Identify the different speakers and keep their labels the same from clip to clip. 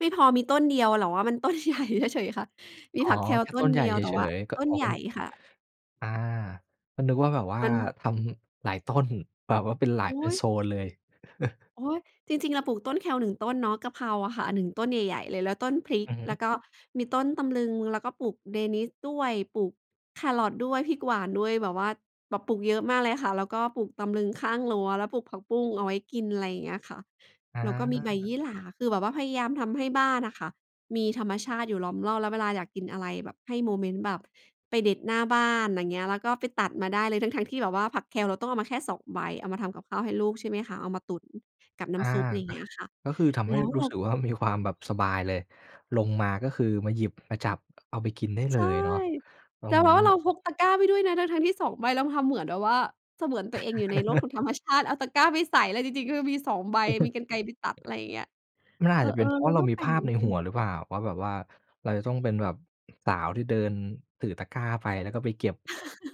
Speaker 1: ไม่พอมีต้นเดียว แต่ว่ามันต้น ใหญ่ เฉย ๆ คะ? มี
Speaker 2: อ๋อ
Speaker 1: ผัก
Speaker 2: แ
Speaker 1: Kale
Speaker 2: ค่
Speaker 1: ต
Speaker 2: ต
Speaker 1: ้
Speaker 2: ้
Speaker 1: น
Speaker 2: นใหญ
Speaker 1: เ
Speaker 2: ่
Speaker 1: ดียว
Speaker 2: เ
Speaker 1: แต่
Speaker 2: ฉ
Speaker 1: ว่า
Speaker 2: ย ๆ ก
Speaker 1: ต้
Speaker 2: อ
Speaker 1: น
Speaker 2: ๋อ
Speaker 1: ใ
Speaker 2: ก
Speaker 1: ห
Speaker 2: ็
Speaker 1: ญ่
Speaker 2: นึก
Speaker 1: ค่ะ
Speaker 2: อา ก็นึกว่าแบบว่า
Speaker 1: มัน
Speaker 2: ทำหลายต้น แบบว่าเป็นหลาย
Speaker 1: อ
Speaker 2: เป
Speaker 1: ุ
Speaker 2: ็
Speaker 1: ๊
Speaker 2: น
Speaker 1: ย
Speaker 2: โซนเลย
Speaker 1: โอ๊ย จริง ๆ เราปลูกต้น Kale 1 ต้นเนาะ กะเพราอะค่ะ 1 ต้นใหญ่ ๆ เลย แล้วต้นพริก
Speaker 2: อือฮ
Speaker 1: แล
Speaker 2: ึ
Speaker 1: ้วก็มีต้นตำลึง แล้วก็ปลูกเดนิสด้วย ปลูกแคร์รอตด้วย พริกหวานด้วย แบบว่าแบบปลูกเยอะมากเลยค่ะ แล้วก็ปลูกตำลึงข้างรั้ว แล้วปลูกผักบุ้งเอาไว้กิน อะไรอย่างเงี้ยค่ะ
Speaker 2: อ
Speaker 1: แล้วก็มีใบยี
Speaker 2: า
Speaker 1: ่หร่า คือแบบว่าพยายามทำให้บ้านอะค่ะ มีธรรมชาติอยู่ล้อมรอบ แล้วเวลาอยากกินอะไรแบบให้โมเมนต์แบบไปเด็ดหน้าบ้าน อย่างเงี้ย แล้วก็ไปตัดมาได้เลย ทั้ง ๆ ที่แบบว่าผัก Kale เราต้องเอามาแค่ 2 ใบ เอามาทำกับข้าวให้ลูกใช่ไหมคะ? เอามาตุ๋นกับน้
Speaker 2: อา
Speaker 1: ำซุป อะไรอย่า
Speaker 2: อ
Speaker 1: งเง
Speaker 2: ะ
Speaker 1: ี้ยค่ะ
Speaker 2: ก็คือทำ
Speaker 1: แ
Speaker 2: ใ
Speaker 1: ล
Speaker 2: ห
Speaker 1: ้
Speaker 2: ้
Speaker 1: ว
Speaker 2: ร
Speaker 1: เ
Speaker 2: ู
Speaker 1: ร
Speaker 2: ้
Speaker 1: า
Speaker 2: สึกว่า มีความแบบสบายเลย ลงมาก็คือ มาหยิบมาจับเอาไปกินได้เ
Speaker 1: ใ
Speaker 2: ล
Speaker 1: ช่
Speaker 2: ยเนาะ ตร
Speaker 1: แต่
Speaker 2: ง
Speaker 1: แ
Speaker 2: น
Speaker 1: บ
Speaker 2: ี้
Speaker 1: บว่าเราพกตะกร้าไปด้วยนะ ทั้ง ๆ ที่ 2 ใบ แล้วทำเหมือนแบบว่า เสมือนตัวเองอยู่ในโลกของธรรมชาติ เอาตะกร้าไปใส่เลย จริง ๆ คือมี 2 ใบ มีกรรไกรไปตัด อะไรอย่างเงี้ย
Speaker 2: มัน
Speaker 1: เ
Speaker 2: อ
Speaker 1: อ
Speaker 2: าจจะเป็
Speaker 1: อ
Speaker 2: นเพรา
Speaker 1: ๆ เร
Speaker 2: ะ
Speaker 1: า
Speaker 2: เร
Speaker 1: ก
Speaker 2: า
Speaker 1: ็
Speaker 2: มี
Speaker 1: แปล
Speaker 2: ภ
Speaker 1: ก
Speaker 2: า
Speaker 1: เ
Speaker 2: พ
Speaker 1: หมื
Speaker 2: ใ
Speaker 1: อ
Speaker 2: น
Speaker 1: นกั
Speaker 2: หัว
Speaker 1: น
Speaker 2: หรือเปล่า? ว่าแบบว่าเราจะต้องเป็นแบบสาวที่เดินถือตะกร้าไป แล้วก็ไปเก็บ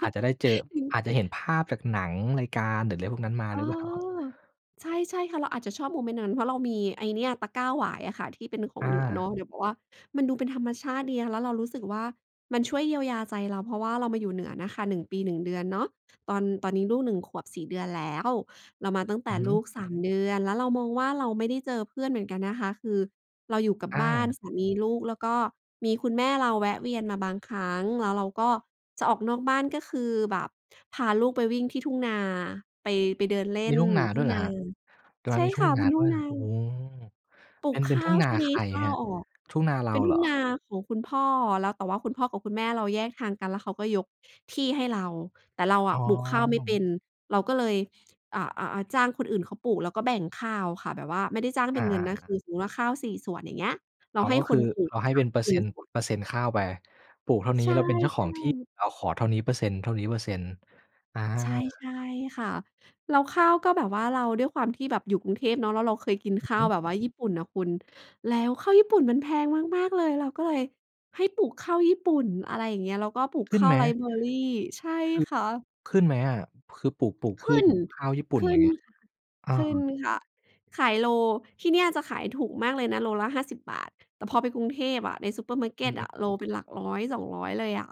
Speaker 2: อาจจะได้เจอ อาจจะเห็นภาพจากหนัง รายการ หรืออะไรพวกนั้นมา
Speaker 1: เอ
Speaker 2: หร
Speaker 1: อ
Speaker 2: ือ เปล่า?
Speaker 1: ใช่ ๆ ค่ะ เราอาจจะชอบโมเมนต์นั้น เพราะเรามีไอ้เนี่ย ตะกร้าหวายอะค่ะ ที่เป็นขอ
Speaker 2: อ
Speaker 1: งเหนือเน
Speaker 2: า
Speaker 1: าะ เนี่ยเพราะว่า มันดูเป็นธรรมชาติดีค่ะ แล้วเรารู้สึกว่า มันช่วยเยียวยาใจเรา เพราะว่าเรามาอยู่เหนือนะคะ 1 ปี 1 เดือนเนาะ ตอน ตอนนี้ลูก 1 ขวบ 4 เดือนแล้ว เรามาตั้งแต
Speaker 2: อื
Speaker 1: ่
Speaker 2: อฮึ
Speaker 1: ลูก 3 เดือน แล้วเรามองว่า เราไม่ได้เจอเพื่อนเหมือนกันนะคะ คือเราอยู่กับ
Speaker 2: อ
Speaker 1: บ้าน
Speaker 2: า
Speaker 1: สามี ลูก แล้วก็มีคุณแม่เราแวะเวียนมาบางครั้ง แล้วเราก็จะออกนอกบ้าน ก็คือแบบ พาลูกไปวิ่งที่ทุ่งนา ไป ไปเดินเล
Speaker 2: ม
Speaker 1: ่
Speaker 2: ี
Speaker 1: น
Speaker 2: ทุ่งนา
Speaker 1: ทุ
Speaker 2: ด้
Speaker 1: ่
Speaker 2: ว
Speaker 1: ง
Speaker 2: ยเหร
Speaker 1: น
Speaker 2: อ
Speaker 1: า
Speaker 2: ครับ? ตรง
Speaker 1: ใ
Speaker 2: น
Speaker 1: ช
Speaker 2: ั้น
Speaker 1: ่
Speaker 2: มีท
Speaker 1: ค
Speaker 2: ุ่
Speaker 1: ่
Speaker 2: ง
Speaker 1: ะ
Speaker 2: น
Speaker 1: เป
Speaker 2: า
Speaker 1: ็นท
Speaker 2: ด
Speaker 1: ุ
Speaker 2: ้
Speaker 1: ่
Speaker 2: ว
Speaker 1: ง
Speaker 2: ย
Speaker 1: นา
Speaker 2: โอ้โฮ
Speaker 1: ปลู
Speaker 2: เป็
Speaker 1: ก
Speaker 2: น เป็
Speaker 1: ข
Speaker 2: น
Speaker 1: ้
Speaker 2: ทุ
Speaker 1: า
Speaker 2: ่ง
Speaker 1: ว
Speaker 2: น
Speaker 1: ช
Speaker 2: า
Speaker 1: ่วงน
Speaker 2: ใค
Speaker 1: ี้
Speaker 2: ร
Speaker 1: ข้า
Speaker 2: คร
Speaker 1: ว
Speaker 2: ับ?
Speaker 1: ออก
Speaker 2: ทุ่งนาเร
Speaker 1: เป
Speaker 2: า
Speaker 1: ็นท
Speaker 2: เ
Speaker 1: ุ
Speaker 2: หร
Speaker 1: ่ง
Speaker 2: อ?
Speaker 1: นาของคุณพ่อ แล้ว แต่ว่าคุณพ่อกับคุณแม่เราแยกทางกัน แล้วเขาก็ยกที่ให้เรา แต่เรา
Speaker 2: อ
Speaker 1: อ
Speaker 2: ๋
Speaker 1: ะ
Speaker 2: อ
Speaker 1: ปลูกข้าวไม่เป็น เราก็เลย อะ อะ อะ จ้างคนอื่นเขาปลูกแล้วก็แบ่งข้าวค่ะ แบบว่าไม่ได้จ้าง
Speaker 2: อ
Speaker 1: เป
Speaker 2: า
Speaker 1: ็นเงินนะ ค
Speaker 2: ๆ ๆ
Speaker 1: ือ สมมุติว่าข้าว 4 ส่วนอย่างเงี้ย เร
Speaker 2: อ
Speaker 1: า
Speaker 2: ๋อ
Speaker 1: ให้
Speaker 2: ก็
Speaker 1: ค
Speaker 2: คือ
Speaker 1: นปลู
Speaker 2: เร
Speaker 1: ก
Speaker 2: าให้เป็นเปอร์เซ็นต์
Speaker 1: [unintelligible] ส่วน
Speaker 2: เปอร์เซ็นต์ข้าวไป ปลูกเท่านี
Speaker 1: ใ
Speaker 2: ้
Speaker 1: ช่
Speaker 2: เราเป็นเจ้าของที่
Speaker 1: ๆ
Speaker 2: เราขอเท่านี้เปอร์เซ็นต์ เท่านี้เปอร์เซ็นต์ อา
Speaker 1: ใช่ ๆ ค่ะ แล้วข้าวก็แบบว่าเรา ด้วยความที่แบบอยู่กรุงเทพเนาะ แล้วเราเคยกิน
Speaker 2: อื
Speaker 1: ข
Speaker 2: อ
Speaker 1: ้า
Speaker 2: ฮ
Speaker 1: ว
Speaker 2: ึ
Speaker 1: แบบว่าญี่ปุ่นน่ะคุณ แล้วข้าวญี่ปุ่นมันแพงมาก ๆ เลย เราก็เลยให้ปลูกข้าวญี่ปุ่น อะไรอย่างเงี้ย แล้วก็ปลูก
Speaker 2: ขึ
Speaker 1: ข
Speaker 2: ้น
Speaker 1: ้า
Speaker 2: ไห
Speaker 1: ว
Speaker 2: ม?
Speaker 1: Riceberry ใช่
Speaker 2: ขึ
Speaker 1: ค่ะ
Speaker 2: ขึ้นไหมอะ? คือปลูก ปลูก
Speaker 1: ข
Speaker 2: พื
Speaker 1: ึ้
Speaker 2: ช
Speaker 1: น
Speaker 2: แบบข้าวญี่ปุ่
Speaker 1: ข
Speaker 2: น
Speaker 1: ึ
Speaker 2: อย
Speaker 1: ้
Speaker 2: ่า
Speaker 1: น
Speaker 2: งเงี้ย อ๋อ
Speaker 1: ขึ้นค่ะ ขายโล ที่เนี่ยจะขายถูกมากเลยนะ โลละ ฿50 แต่พอไปกรุงเทพอะ ในซูเปอร์มาร์เก
Speaker 2: อื
Speaker 1: ็ตอ
Speaker 2: ม
Speaker 1: ะ โลเป็นหลัก 100-200 เลยอะ